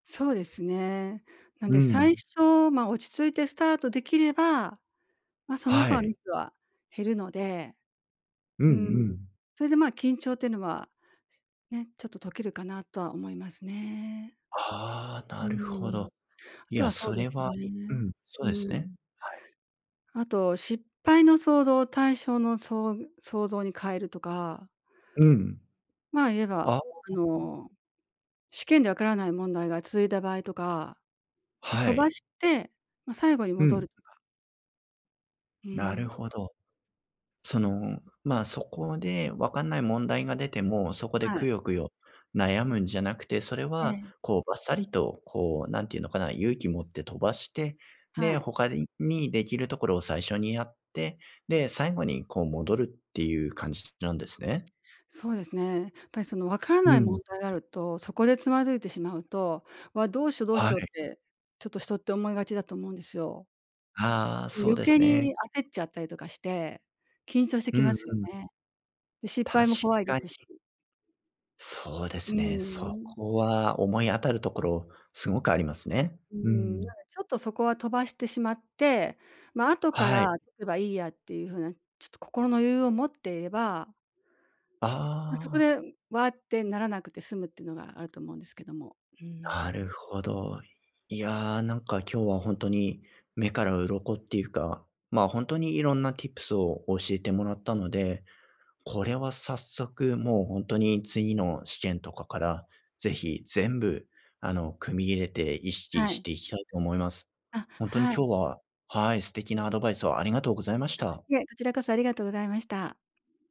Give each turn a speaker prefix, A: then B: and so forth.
A: そうですね。なん
B: う
A: で最
B: ん。
A: 初、まあ落ち着いてスタートできれば、ま、その
B: は
A: 後は
B: い。
A: ミスは減るので、
B: うんう
A: うん、
B: ん。
A: それでまあ緊張っていうのは、ね、ちょっと解けるかなとは思いますね。
B: ああ、
A: うー
B: なるほ
A: ん、
B: ど。
A: あと
B: や、
A: はそう
B: そ
A: です
B: れは、う
A: ね、
B: ん、そ
A: う
B: う
A: ー
B: ですね。
A: ん
B: はい。
A: あと、失敗の想像を対照の、そう想像に変えるとか
B: うん。
A: まあ、言えば、
B: あ
A: あ
B: あ。
A: の、試験でわからない問題が続いた場合とか、
B: は
A: 飛ば
B: い。
A: して、ま、最後に
B: う
A: 戻
B: ん。
A: るとか。う
B: な
A: ー
B: る
A: ん。
B: ほど。その、まあ、そこで解んない問題が出ても、そこで
A: はい。
B: くよくよ悩むんじゃなくて、それ
A: え
B: は
A: え。
B: こう、ばっさりと、こう何て言うのかな、勇気持って飛ばして、
A: は
B: で、
A: い。
B: 他ににできるところを最初にやって、で、最後にこう戻るっていう感じなんですね？
A: そうですね。やっぱりその、解らな
B: う
A: い問
B: ん。
A: 題があると、そこでつまずいてしまうと「わっ、どうしよう、どうし
B: は
A: よう」
B: い。
A: って、ちょっと人って思いがちだと思うんですよ。
B: ああ、
A: ね、
B: そう
A: 余
B: です
A: 計
B: ね。
A: に焦っちゃったりとかして、緊張して
B: う
A: き
B: ん
A: ますよ
B: うん。
A: ね。で、失敗
B: 確
A: も怖いで
B: かに。
A: すし。
B: そうで
A: うー
B: すね。そ
A: ん。
B: こは思い当たるところすごくありますね。
A: うー
B: うー
A: ん、
B: ん。
A: なんで、ちょっとそこは飛ばしてしまって、ま、後か
B: は
A: ら
B: い。
A: 取ればいいやっていうふうなちょっと心の余裕を持っていれば
B: あ
A: ま、そこ
B: あ。
A: で、わあってならなくて済むってのがあると思うんですけども、うーん。
B: なるほど。いやあ、なんか今日はほんとに目から鱗っていうか、まあほんとにいろんなティップスを教えてもらったので、これは早速、もうほんとに次の試験とかから、是非全部、あの、組み入れて意識
A: は
B: し
A: い。
B: ていきたいと思います。
A: あ、
B: ほんとに
A: はい。
B: 今日は、はい、素敵なアドバイスをありがとうございまし
A: あ、
B: た。
A: いえ、こちらこそありがとうございました。